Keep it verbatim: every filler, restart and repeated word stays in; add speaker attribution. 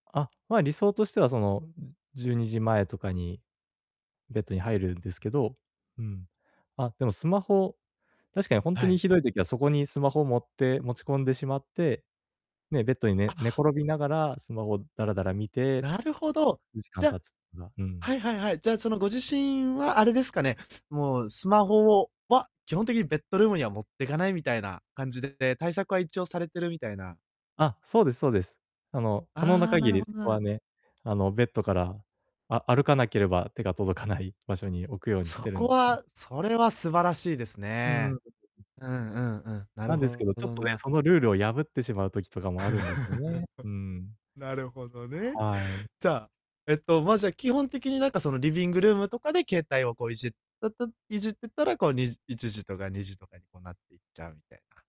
Speaker 1: あ、まあ、理想としてはその、ううん、じゅうにじ前とかにベッドに入るんですけど、うん、あ、でもスマホ、確かにほんと
Speaker 2: は
Speaker 1: に
Speaker 2: い。
Speaker 1: 酷い時はそこにスマホ持って持ち込んでしまって、ね、ベッドにね
Speaker 2: あ。
Speaker 1: 寝転びながらスマホダラダラ見て
Speaker 2: なるほど、
Speaker 1: 時間
Speaker 2: じゃ、
Speaker 1: 経つな。う
Speaker 2: は
Speaker 1: ん。
Speaker 2: いはいはい。じゃあ、そのご自身はあれですかね、もうスマホをは、基本的にベッドルームには持ってかないみたいな感じでで、対策は一応されてるみたいな。
Speaker 1: あ、そうですそうです。あの、可能な
Speaker 2: ああ、な
Speaker 1: 限
Speaker 2: る
Speaker 1: り
Speaker 2: ほど、
Speaker 1: そ
Speaker 2: な
Speaker 1: こは
Speaker 2: ら
Speaker 1: ね、あの、ベッドから、あ歩かなければ手が届かない場所に置くようにし
Speaker 2: そ
Speaker 1: てるん
Speaker 2: こ
Speaker 1: ん
Speaker 2: はそれは素晴らしいです
Speaker 1: うー
Speaker 2: ね。
Speaker 1: ん。
Speaker 2: うんうんうん、なる
Speaker 1: なんですけ
Speaker 2: ほ
Speaker 1: ど、
Speaker 2: ほ
Speaker 1: ちょっ
Speaker 2: ど
Speaker 1: とね、
Speaker 2: な。
Speaker 1: そのルールを破ってしまう時とかもあるんですよね、うーん。
Speaker 2: なるほどね。
Speaker 1: はい。
Speaker 2: じゃあ、えっと、ま、基本的になんかそのリビングルームとかで、携帯をこういじったたいじってたら、こうにじいちじとかにじとかにこうなっていっちゃうみたいな。